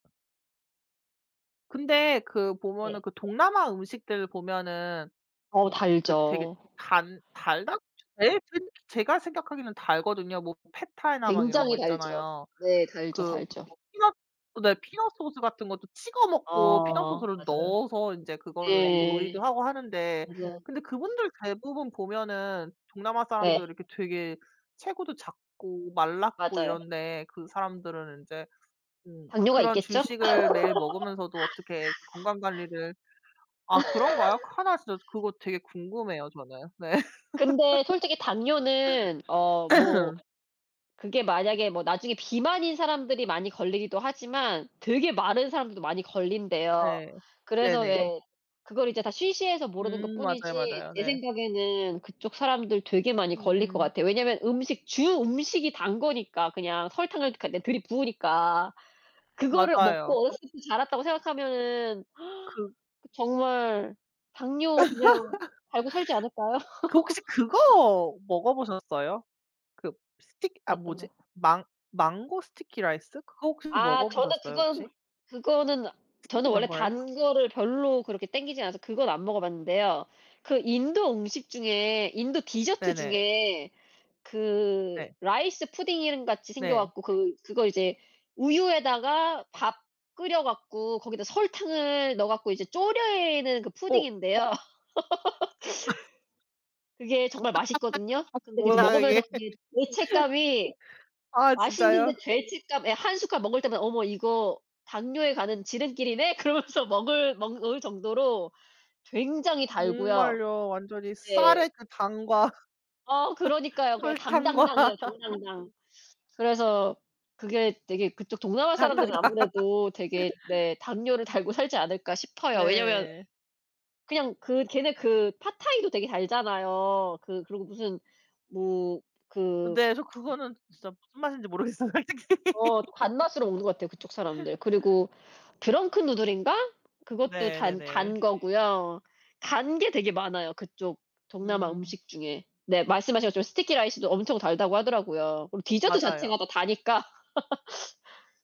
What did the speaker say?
근데 그 네. 보면은 그 동남아 음식들 보면은 어 음 그 되게 달죠. 단 달다? [unintelligible] 제가 생각하기에는 달거든요. 뭐 팻타이나 막 이런 거 굉장히 달죠. 있잖아요. 네. 달죠, 그 무슨 달죠. 뭐 피넛 네. 피넛 소스 같은 것도 찍어 먹고 피넛 어 소스를 맞아요. 넣어서 인제 그걸로 인제 예. 요리도 하고 하는데 맞아요. 근데 그분들 대부분 보면은 동남아 사람들 네. 이렇게 되게 체구도 작고 말랐고 맞아요. 이런데 그 사람들은 인제 음 당뇨가 그런 있겠죠? 주식을 매일 먹으면서도 어떻게 건강 관리를 아 그런가요? 하나 진짜 그거 되게 궁금해요 저는. 네. 근데 솔직히 당뇨는 어 뭐 그게 만약에 뭐 나중에 비만인 사람들이 많이 걸리기도 하지만 되게 마른 사람들도 많이 걸린대요. 네. 그래서 네네. 왜 그거를 이제 다 쉬쉬해서 모르는 것 음 맞아요, 뿐이지 맞아요. 제 네. 생각에는 그쪽 사람들 되게 많이 걸릴 것 음. 같아요. 왜냐하면 음식 주 음식이 단 거니까 그냥 설탕을 그러니까 네 들이부으니까 그거를 맞아요. 먹고 어렸을 때부터 자랐다고 생각하면은 그 그 정말 당뇨 그냥 달고 살지 않을까요? 그 혹시 그거 먹어보셨어요? 그 스틱 아 어떤 거? 뭐지? 망 망고 스티키 라이스 그거 혹시 아 저는 먹어보셨어요 혹시? 그건 그거는 저는 스티키 원래 망고 라이스. 단 거를 별로 그렇게 땡기지 않아서 그건 안 먹어 봤는데요. 그 인도 음식 중에 인도 디저트 네네. 중에 그 네. 라이스 푸딩인 같이 생겨 네. 갖고 그 그거 이제 우유에다가 밥 끓여 갖고 거기다 설탕을 넣어 갖고 이제 조리는 그 어. 푸딩인데요. 그게 정말 맛있거든요. 근데 그 이제 뭐야 이게? 먹으면서 그게 죄책감이 아 진짜요? 맛있는데 죄책감 예 1 숟갈 먹을 때마다 '어머 이거 당뇨에 가는 지름길이네?' 그러면서 먹을 먹을 정도로 굉장히 달고요. 목말려 완전히 네. 쌀에 그 당과 어 그러니까요. 그냥 설탕과 당당당이에요, 당당당. 그래서 그게 되게 그쪽 동남아 사람들은 당당당. 아무래도 되게 네 '당뇨를 달고 살지 않을까?' 싶어요. 왜냐면 네. 그냥 그 걔네 그 팟타이도 되게 달잖아요. 그 그리고 무슨 뭐 그 근데 저 그거는 진짜 무슨 맛인지 모르겠어요. 솔직히. 어 또 단 맛으로 먹는 것 같아요, 그쪽 사람들. 그리고 드렁큰 누들인가? 그것도 네 단 네네. 단 거고요. 단 게 되게 많아요, 그쪽 동남아 음. 음식 중에. 네 말씀하신 것처럼 스티키 라이스도 엄청 달다고 하더라고요. 그리고 디저트 자체가 맞아요. 또 다니까.